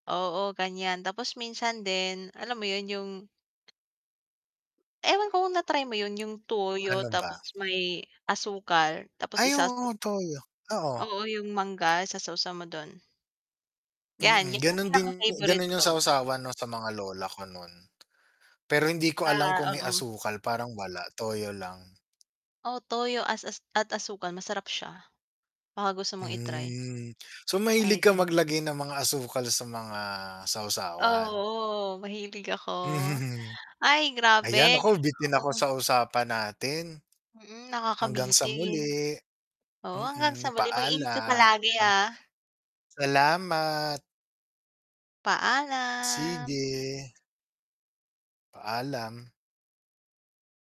Oo, ganiyan. Tapos minsan din alam mo 'yon, 'yong ewan ko kung na-try mo 'yon, 'yong toyo Ano tapos ba? may asukal tapos Ay, isasaw oo, toyo, oo. Oo, 'yong mangga sasawsaw mo do'n. 'Yan, Mm, 'yan 'yong gano'n din pinaka favorite gano'n 'yong sa ko. sawsawan 'no, sa mga lola ko no'n. Pero hindi ko alam Ah, kung may oo. asukal. Parang wala, toyo lang. Oo, toyo as as at asukal masarap siya. Baka gusto mong i-try. Hmm. So, mahilig ka Ayan. maglagay ng mga asukal sa mga sawsawan? Oo, mahilig ako. Mhm, hmm. Ay, Ayan grabe. naku, [unintelligible] bitin ako sa usapan natin. Mm, Hanggang sa nakakabitin. muli, Oo, hanggang sa mm. muli, mag-ingat ka palagi, Paalam. ah. Salamat. Paalam. Sige. Paalam.